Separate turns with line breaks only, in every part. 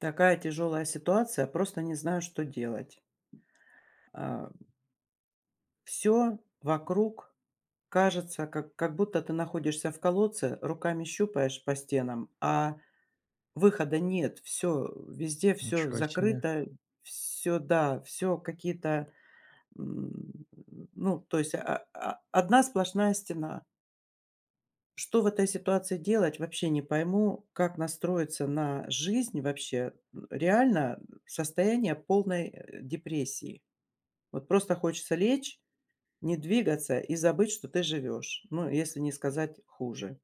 Такая тяжелая ситуация, просто не знаю, что делать. Ам. Всё вокруг кажется, как как будто ты находишься в колодце, руками щупаешь по стенам, а выхода нет. Всё, везде всё
Ничего себе.
закрыто, всё, да, всё какие-то, м, ну, то есть о о одна сплошная стена. Что в этой ситуации делать, вообще не пойму, как настроиться на жизнь, вообще? Реально состояние полной, э, депрессии. Вот просто хочется лечь, не двигаться и забыть, что ты живешь, ну, если не сказать хуже.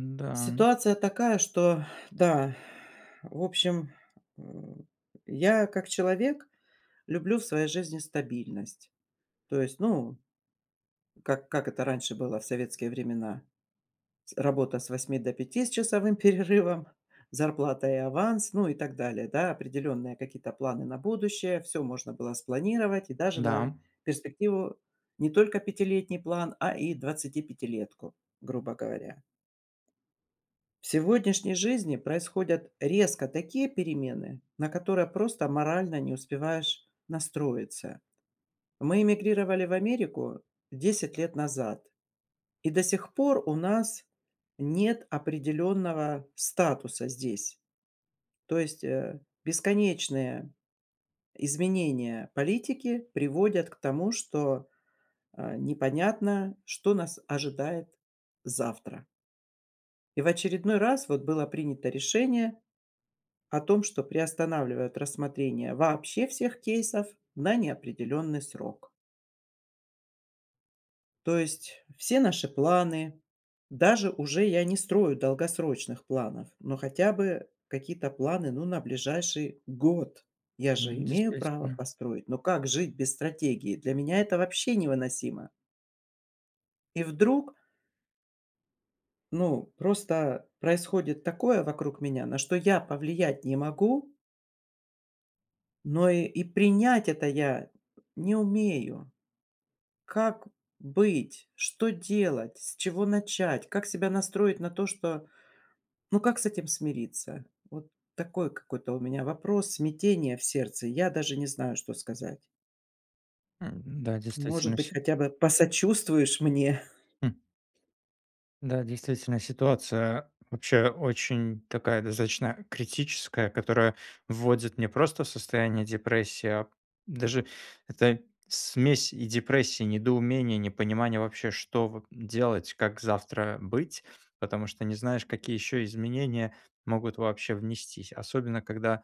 Н-да.
Ситуация такая, что, да, в общем, м, я, как человек, люблю в своей жизни стабильность, то есть, ну, как как это раньше было в советские времена: с работа с 8 до 5 с часовым перерывом, зарплата и аванс, ну и так далее, да. Определенные какие-то планы на будущее, всё можно было спланировать и даже на
Да.
перспективу, не только пятилетний план, а и двадцатипятилетку, грубо говоря. В сегодняшней жизни происходят резко такие перемены, на которые просто морально не успеваешь настроиться. Мы эмигрировали в Америку 10 лет назад, и до сих пор у нас нет определенного статуса здесь, то есть, э, бесконечные изменения политики приводят к тому, что, а, непонятно, что нас ожидает завтра. И в очередной раз вот было принято решение о том, что приостанавливает рассмотрение вообще всех кейсов на неопределенный срок. То есть все наши планы, даже уже я не строю долгосрочных планов, но хотя бы какие-то планы, ну, на ближайший год, я же
М,
имею право
действительно.
построить, но как жить без стратегии? Для меня это вообще невыносимо! И вдруг Ну, просто происходит такое вокруг меня, на что я повлиять не могу но и принять это я не умею. Как быть, что делать, с чего начать, как себя настроить на то, что ну, как с этим смириться? Вот такой какой-то у меня вопрос, смятение в сердце, я даже не знаю, что сказать.
Эм, да,
Может
действительно
быть,
все
хотя бы посочувствуешь мне?
М. Да, действительно ситуация, вообще, очень такая достаточно критическая. Которая вводит не просто в состояние депрессии, а даже- это смесь и депрессии, и недоумения, и непонимания вообще: что в делать, как завтра быть. Потому что не знаешь, какие еще изменения могут вообще внестись. Особенно когда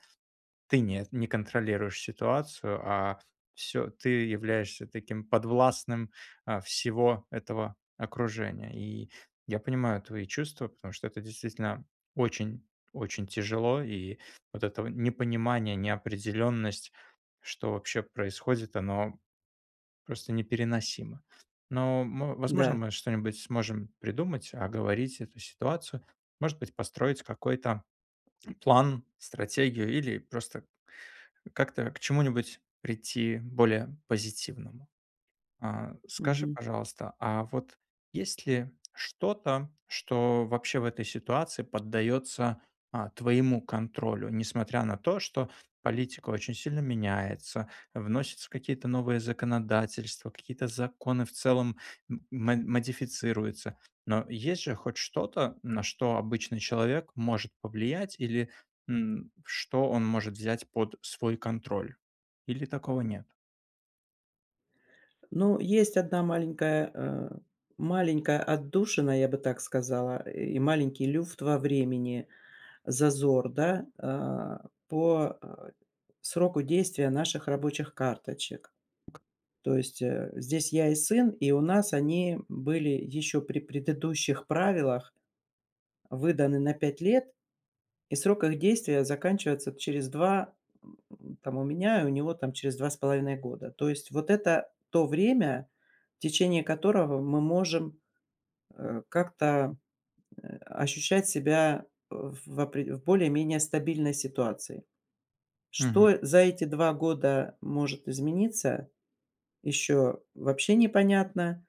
ты не не контролируешь ситуацию, а всё ты являешься таким подвластным, а, всего этого окружения. И я понимаю твои чувства, потому что это действительно очень, очень тяжело, и вот это вот непонимание, неопределенность, что вообще происходит, оно просто непереносимо. Но мы возможно,
Да.
мы что-нибудь сможем придумать. Оговорить эту ситуацию, может быть, построить какой-то план, стратегию или просто как-то к чему-нибудь прийти более позитивному. А скажи,
Мгм.
пожалуйста, а вот есть ли что-то, что вообще в этой ситуации поддается, а, твоему контролю. Несмотря на то, что политика очень сильно меняется, вносятся какие-то новые законодательства, какие-то законы в целом м модифицируются. Но есть же хоть что-то, на что обычный человек может повлиять или, м, что он может взять под свой контроль? Или такого нет?
Ну, есть одна маленькая, э, маленькая отдушина, я бы так сказала, и маленький люфт во времени, зазор, да. А, по, э, сроку, э, действия наших рабочих карточек, то есть здесь я и сын, и у нас они были еще при предыдущих правилах выданы на 5 лет. И срок их действия заканчивается через 2, по-моему, у меня и у него там, через 2,5 года. То есть вот это то время, в течение которого мы можем, э, как-то ощущать себя в опре в более-менее стабильной ситуации.
Мгм.
Что за эти 2 года может измениться, еще вообще непонятно,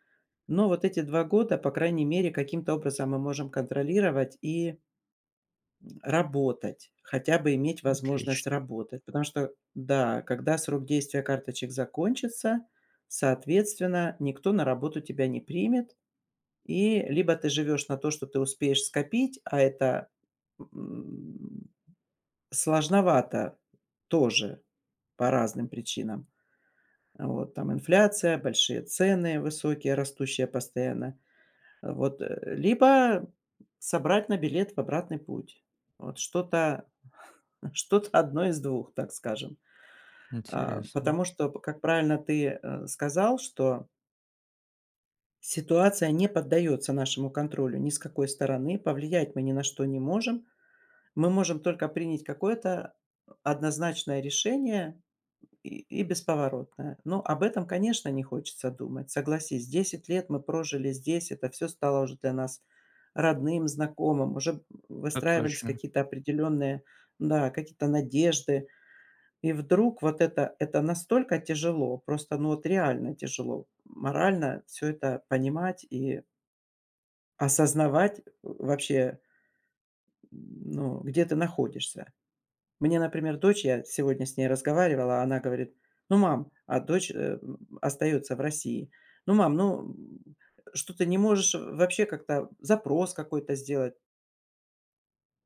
но вот эти 2 года, по крайней мере, каким-то образом мы можем контролировать и работать. Хотя бы иметь возможность
Отлично.
работать, потому что, да, когда срок действия карточек закончится, соответственно, никто на работу тебя не примет. И либо ты живешь на то, что ты успеешь скопить, а это, м, сложновато тоже по разным причинам. Вот там инфляция, большие цены, высокие, растущие постоянно, вот. Либо собрать на билет в обратный путь. Вот что-то что-то одно из двух, так скажем, э,
Интересно.
потому что, как правильно ты сказал, что ситуация не поддается нашему контролю ни с какой стороны, повлиять мы ни на что не можем. Мы можем только принять какое-то однозначное решение и бесповоротное. Но об этом, конечно, не хочется думать, согласись, 10 лет мы прожили здесь, это всё стало уже для нас родным, знакомым, уже
А,
выстраивались
точно.
какие-то определенные, да, какие-то надежды. И вдруг вот это- это настолько тяжело, просто, ну, вот реально тяжело, морально всё это понимать и осознавать вообще м, ну, где ты находишься. Мне, например, дочь, я сегодня с ней разговаривала, она говорит: "Ну, мам...". А дочь, э, м, остается в России: "Ну, мам, ну, м, что ты не можешь вообще как-то запрос какой-то сделать?".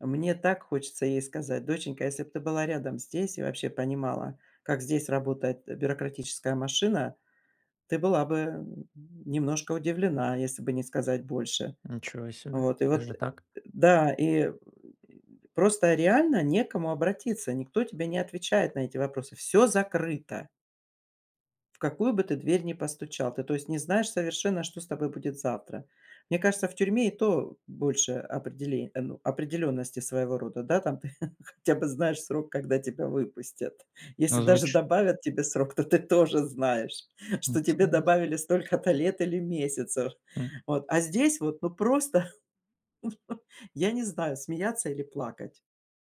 А мне так хочется ей сказать: "Доченька, если бы ты была рядом здесь и вообще понимала, как здесь работает бюрократическая машина, ты была бы немножко удивлена, если бы не сказать больше".
Ничего себе!
Вот и вот
Даже так?
Да, и просто реально не к кому обратиться, никто тебе не отвечает на эти вопросы. Всё закрыто в какую бы ты дверь ни постучал, ты, то есть, не знаешь совершенно, что с тобой будет завтра. Мне кажется, в тюрьме и то больше определе ну, определенности, своего рода, да. Там ты хотя бы знаешь срок, когда тебя выпустят. Если
Но
даже
звуч
добавят тебе срок, то ты тоже знаешь, что тебе
Интересно.
добавили столько-то лет или месяцев.
М.
Вот. А здесь вот, ну, просто, я не знаю, смеяться или плакать.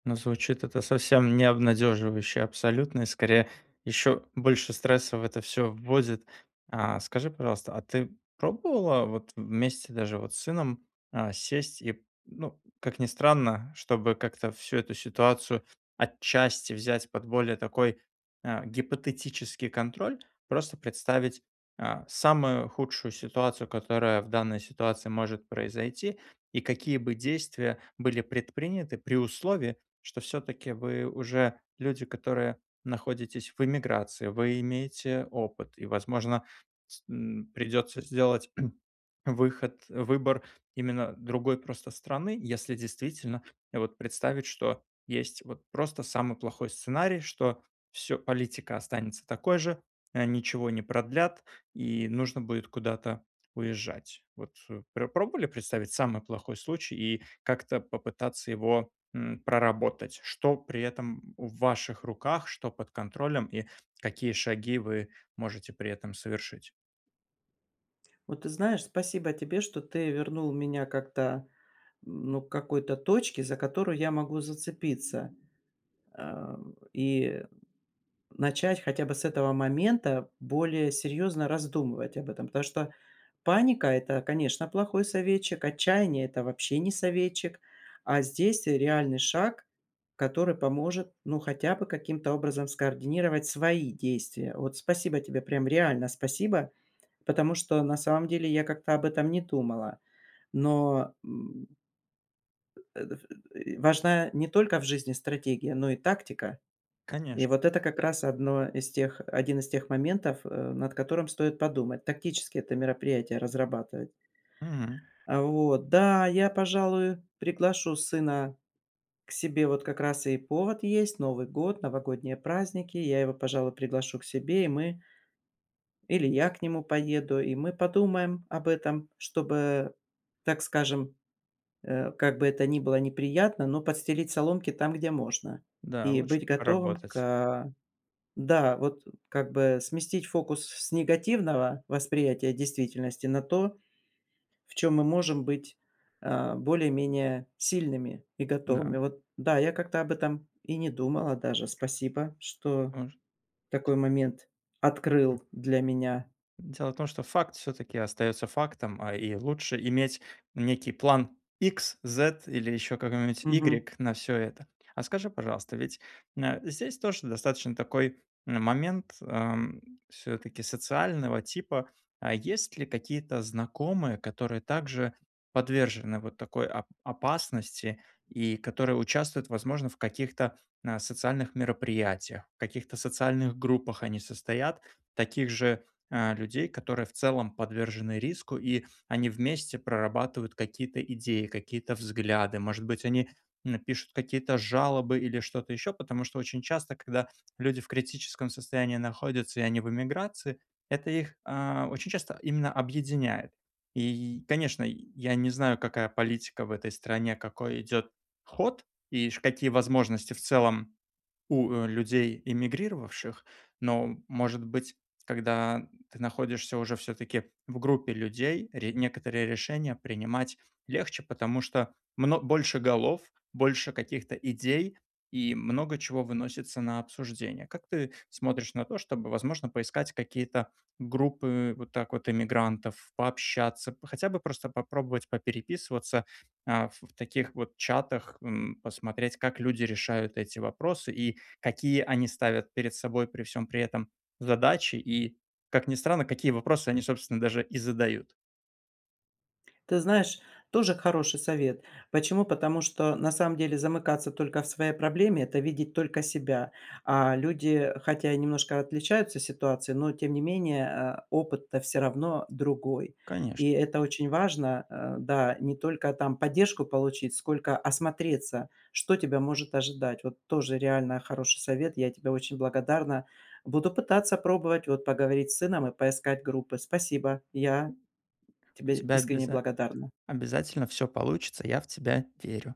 Ну, звучит это совсем не обнадеживающе абсолютно, и скорее еще больше стресса в это всё вводит. А, скажи, пожалуйста, а ты пробовала вот вместе даже вот с сыном, а, сесть и, ну, как ни странно, чтобы как-то всю эту ситуацию отчасти взять под более такой, а, гипотетический контроль. Просто представить, а, самую худшую ситуацию, которая в данной ситуации может произойти. И какие бы действия были предприняты при условии, что всё-таки вы уже люди, которые находитесь в эмиграции, вы имеете опыт, и, возможно, с н придётся сделать выход выбор именно другой просто страны. Если действительно вот представить, что есть вот просто самый плохой сценарий, что всё, политика останется такой же, а, ничего не продлят и нужно будет куда-то уезжать. Вот пр пробовали представить самый плохой случай и как-то попытаться его, м, проработать? Что при этом в ваших руках, что под контролем и какие шаги вы можете при этом совершить?
Вот ты знаешь, спасибо тебе, что ты вернул меня как-то, ну, к какой-то точке, за которую я могу зацепиться, а, и начать хотя бы с этого момента более серьезно раздумывать об этом. Потому что паника- это, конечно, плохой советчик, отчаяние- это вообще не советчик. А здесь реальный шаг, который поможет, ну, хотя бы каким-то образом скоординировать свои действия. Вот спасибо тебе, прям реально спасибо, потому что на самом деле я как-то об этом не думала, но м важна не только в жизни стратегия, но и тактика.
Конечно.
И вот это как раз одно из тех один из тех моментов, э, над которым стоит подумать, тактически это мероприятие разрабатывать.
М.
А, вот. Да, я, пожалуй, приглашу сына к себе .Вот как раз и повод есть- Новый год, новогодние праздники, я его, пожалуй, приглашу к себе, и мы или я к нему поеду, и мы подумаем об этом. Чтобы, так скажем, э, как бы это ни было неприятно, но подстелить соломки там, где можно.
Да,
И
лучше
быть готовым
проработать.
к да, вот как бы сместить фокус с негативного восприятия действительности на то, в чем мы можем быть, а, более-менее сильными и готовыми.
Да.
Вот, да, я как-то об этом и не думала даже. Спасибо, что
Мож
такой момент
М.
открыл для меня.
Дело в том, что факт всё-таки остается фактом, а и лучше иметь некий план икс, зет или еще какой-нибудь
Мгм.
игрек на всё это. А скажи, пожалуйста, ведь на здесь тоже достаточно такой, а, момент, ам, всё-таки социального типа. А есть ли какие-то знакомые, которые также подвержены вот такой опа опасности и которые участвуют, возможно, в каких-то, а, социальных мероприятиях, каких-то социальных группах они состоят, таких же, а, людей, которые в целом подвержены риску. И они вместе прорабатывают какие-то идеи, какие-то взгляды, может быть, они, н пишут какие-то жалобы, или что-то еще. Потому что очень часто, когда люди в критическом состоянии находятся и они в эмиграции, это их, а, очень часто именно объединяет. И, й конечно, я не знаю, какая политика в этой стране, какой идет ход и, ш какие возможности в целом у людей эмигрировавших. Но, может быть, когда ты находишься уже всё-таки в группе людей, ре некоторые решения принимать легче. Потому что мно больше голов, больше каких-то идей и много чего выносится на обсуждение. Как ты смотришь на то, чтобы, возможно, поискать какие-то группы вот так вот эмигрантов, пообщаться, п хотя бы просто попробовать попереписываться, а, в таких вот чатах, м, посмотреть, как люди решают эти вопросы, и какие они ставят перед собой, при всем при этом, задачи. И, как ни странно, какие вопросы они, собственно, даже и задают.
Ты знаешь, тоже хороший совет. Почему? Потому что на самом деле замыкаться только в своей проблеме- это видеть только себя. А люди хотя и немножко отличаются ситуацией, но тем не менее, э, опыт-то всё равно другой.
Конечно.
И это очень важно, а, да, не только там поддержку получить, сколько осмотреться, что тебя может ожидать. Вот тоже реально хороший совет, я тебе очень благодарна. Буду пытаться пробовать вот поговорить с сыном и поискать группы. Спасибо, я
[unintelligible] У
тебе
тебя
искренне
обяза
благодарна!
обязательно всё получится, я в тебя верю!